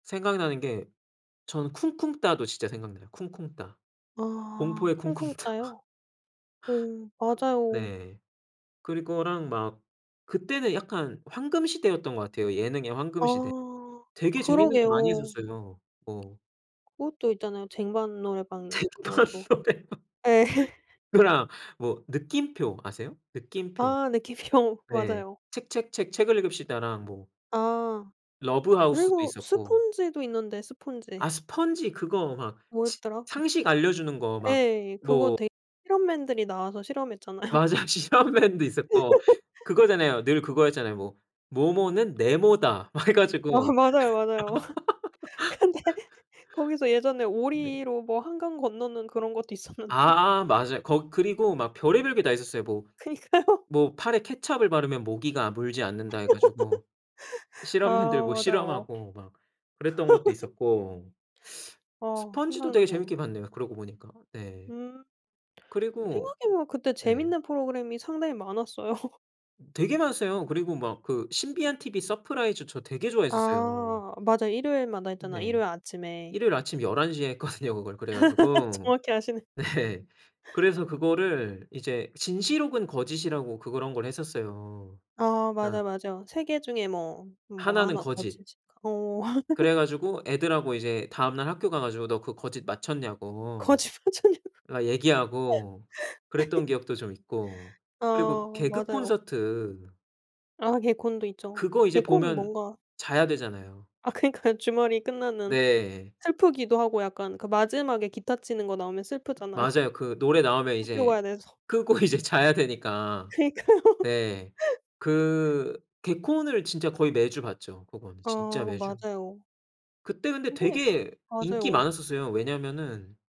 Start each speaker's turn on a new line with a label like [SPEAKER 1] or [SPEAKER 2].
[SPEAKER 1] 생각나는 게 저는 쿵쿵따도 진짜 생각나요. 쿵쿵따.
[SPEAKER 2] 아
[SPEAKER 1] 공포의 쿵쿵따
[SPEAKER 2] 쿵쿵따요? 어 맞아요.
[SPEAKER 1] 네. 그리고랑 막 그때는 약간 황금시대였던 것 같아요. 예능의 황금시대.
[SPEAKER 2] 아
[SPEAKER 1] 되게 재미있는 게 많이
[SPEAKER 2] 그러게요.
[SPEAKER 1] 있었어요. 뭐.
[SPEAKER 2] 그것도 있잖아요. 쟁반 노래방
[SPEAKER 1] 쟁반
[SPEAKER 2] 그것도.
[SPEAKER 1] 노래방
[SPEAKER 2] 네.
[SPEAKER 1] 그거랑 뭐 느낌표 아세요? 느낌표.
[SPEAKER 2] 아 네 기피형
[SPEAKER 1] 네.
[SPEAKER 2] 맞아요.
[SPEAKER 1] 책책책 책을 읽읍시다랑 뭐
[SPEAKER 2] 아
[SPEAKER 1] 러브하우스도
[SPEAKER 2] 그리고
[SPEAKER 1] 있었고.
[SPEAKER 2] 스펀지도 있는데
[SPEAKER 1] 아
[SPEAKER 2] 스펀지.
[SPEAKER 1] 스펀지 그거 막 식
[SPEAKER 2] 뭐였더라?
[SPEAKER 1] 상식 알려주는 거 막
[SPEAKER 2] 예 그거
[SPEAKER 1] 뭐
[SPEAKER 2] 되게 실험맨들이 나와서 실험했잖아요.
[SPEAKER 1] 맞아. 실험맨도 있었고, 그거잖아요. 늘 그거였잖아요. 뭐, "뭐뭐는 네모다." 막 해
[SPEAKER 2] 어
[SPEAKER 1] 가지고.
[SPEAKER 2] 맞아요 맞아요. 근데 거기서 예전에
[SPEAKER 1] 네.
[SPEAKER 2] 오리로 뭐 한강 건너는 그런 것도 있었는데.
[SPEAKER 1] 아 맞아요. 거 그리고 막 별의별 게 다 있었어요. 뭐
[SPEAKER 2] 그니까요.
[SPEAKER 1] 뭐 팔에 케첩을 바르면 모기가 물지 않는다 해 가지고
[SPEAKER 2] 아
[SPEAKER 1] 실험맨들 뭐
[SPEAKER 2] 맞아요.
[SPEAKER 1] 실험하고 막 그랬던 것도 있었고.
[SPEAKER 2] 아
[SPEAKER 1] 스펀지도 되게
[SPEAKER 2] 생각나네요.
[SPEAKER 1] 재밌게 봤네요. 그러고 보니까. 네
[SPEAKER 2] 음.
[SPEAKER 1] 그리고
[SPEAKER 2] 생각해 보면 그때
[SPEAKER 1] 네.
[SPEAKER 2] 재밌는 프로그램이 상당히 많았어요.
[SPEAKER 1] 되게 많았어요. 그리고 막 그 신비한 TV 서프라이즈 저 되게 좋아했었어요.
[SPEAKER 2] 아 맞아. 일요일마다 했잖아.
[SPEAKER 1] 네.
[SPEAKER 2] 일요일 아침에.
[SPEAKER 1] 일요일 아침 11:00 에 했거든요 그거 그래 가지고.
[SPEAKER 2] 정확히 아시네.
[SPEAKER 1] 네. 그래서 그거를 이제 진실 혹은 거짓이라고 그런 걸 했었어요.
[SPEAKER 2] 아
[SPEAKER 1] 그니까
[SPEAKER 2] 맞아요. 맞아요. 3 개 중에 뭐 뭐가
[SPEAKER 1] 하나는
[SPEAKER 2] 하나
[SPEAKER 1] 거짓.
[SPEAKER 2] 거짓일까? 어.
[SPEAKER 1] 그래 가지고 애들하고 이제 다음날 학교 가 가지고 "너 그 거짓 맞췄냐."고
[SPEAKER 2] 거짓 맞췄냐고.
[SPEAKER 1] 그니까 얘기하고 그랬던 기억도 좀 있고 그리고
[SPEAKER 2] 아 맞아요.
[SPEAKER 1] 개그콘서트.
[SPEAKER 2] 아 개콘도 있죠.
[SPEAKER 1] 그거 이제
[SPEAKER 2] 개콘은
[SPEAKER 1] 보면
[SPEAKER 2] 뭔가
[SPEAKER 1] 자야 되잖아요.
[SPEAKER 2] 아 그니까요 주말이 끝나는
[SPEAKER 1] 네.
[SPEAKER 2] 슬프기도 하고 약간 그 마지막에 기타 치는거 나오면 슬프잖아요.
[SPEAKER 1] 맞아요. 그 노래 나오면
[SPEAKER 2] 학교
[SPEAKER 1] 이제
[SPEAKER 2] 가야 돼서.
[SPEAKER 1] 끄고 이제 자야 되니까.
[SPEAKER 2] 그니까요.
[SPEAKER 1] 네 그 개콘을 진짜 거의 매주 봤죠. 그건 진짜
[SPEAKER 2] 어
[SPEAKER 1] 매주.
[SPEAKER 2] 맞아요.
[SPEAKER 1] 그때 근데
[SPEAKER 2] 근데
[SPEAKER 1] 되게 인기
[SPEAKER 2] 맞아요.
[SPEAKER 1] 많았었어요. 왜냐하면은